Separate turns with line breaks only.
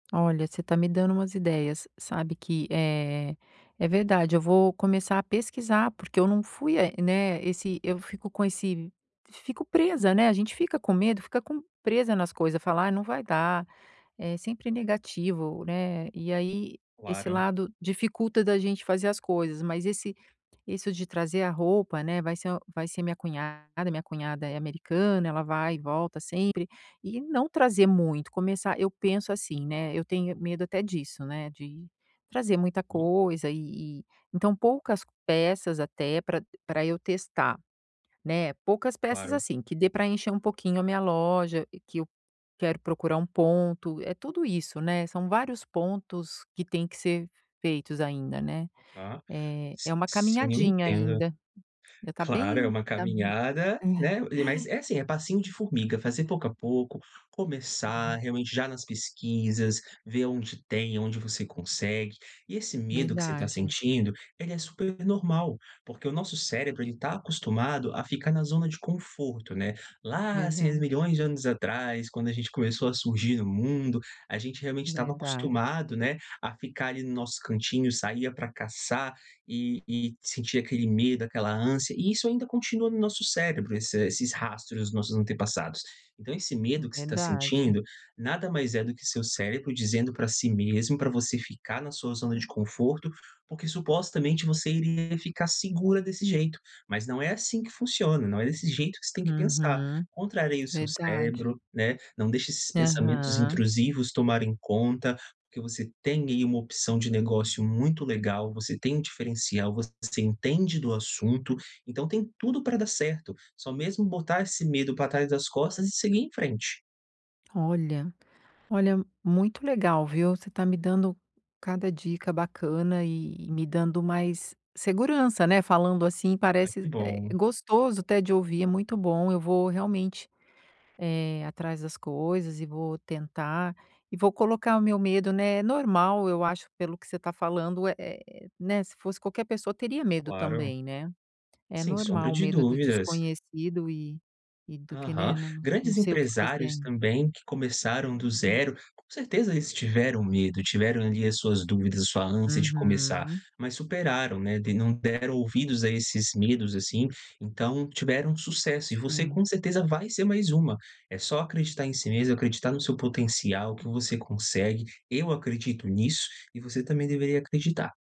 Olha, você tá me dando umas ideias. Sabe que, eh, é verdade, eu vou começar a pesquisar, porque eu não fui a né, esse eu fico com esse f fico presa, né, a gente fica com medo, fica com presa nas coisa, fala: "Ai, não vai dar", é sempre negativo, né. E aí esse
Claro.
lado dificulta da gente fazer as coisas, mas esse isso de trazer a roupa, né, vai ser uma vai ser minha cunhada, minha cunhada é americana, ela vai e volta sempre. E não trazer muito, começar eu penso assim, né, eu tenho medo até disso, né, de trazer muita
Hum.
coisa e e então poucas peças até pra pra eu testar, né. Poucas peças,
Claro.
assim, que dê pra encher um pouquinho a minha loja que eu quero procurar um ponto, é tudo isso né, são vários pontos que têm que ser feitos ainda, né.
Ah.
É é
S
uma
sim, eu
caminhadinha
entendo.
ainda ainda tá
Claro, é
bem
uma
tá, hum
caminhada, né,
é.
e mas é assim, é passinho de formiga, fazer pouco a pouco, começar
Uhum.
realmente já nas pesquisas, ver onde tem, onde você consegue. E esse medo que você tá
Verdade.
sentindo, ele é super normal, porque o nosso cérebro ele tá acostumado a ficar na zona de conforto, né. Lá há seis
Verdade.
milhões de anos atrás quando a gente começou a surgir no mundo, a gente realmente estava
Verdade.
acostumado, né, a ficar ali no nosso cantinho, saía pra caçar e e sentia aquele medo, aquela ânsia e isso ainda continua no nosso cérebro, esse esses rastros dos nossos antepassados. Então esse
É
medo que você tá
verdade.
sentindo, nada mais é do que seu cérebro dizendo pra si mesmo pra você ficar na sua zona de conforto, porque supostamente você iria ficar segura desse jeito, mas não é assim que funciona, não é desse jeito que você tem que pensar.
Uhum,
Contraria o seu
verdade.
cérebro, né, não deixa esses pensamentos
Aham.
intrusivos tomarem conta, porque você tem aí uma opção de negócio muito legal, você tem um diferencial, você entende do assunto, então tem tudo pra dar certo, só mesmo botar esse medo pra trás das costas e seguir em frente.
Olha olha, muito legal, viu, você tá me dando cada dica bacana e me dando mais segurança, né, falando assim
Ah,
parece
que
é
bom.
gostoso até de ouvir, é muito bom, eu vou realmente, eh, atrás das coisas e vou tentar e vou colocar o meu medo, né é normal, eu acho pelo que você tá falando, é é, né, se fosse qualquer pessoa teria medo
Claro.
também, né. É
Sem sombra
normal o
de
medo do
dúvidas.
desconhecido e e do que né,
Aham.
não não
Grandes
sei o que fazer
empresários
ainda.
também que começaram do
Hum.
0, com certeza eles tiveram medo, tiveram ali as suas dúvidas, a sua ânsia de começar,
Uhum.
mas superaram, né, tem não deram ouvidos a esses medos, assim, então tiveram sucesso e você,
Sim.
com certeza, vai ser mais uma. É só acreditar em si mesma, acreditar no seu potencial, que
Hum.
você consegue, eu acredito nisso e você também deveria acreditar.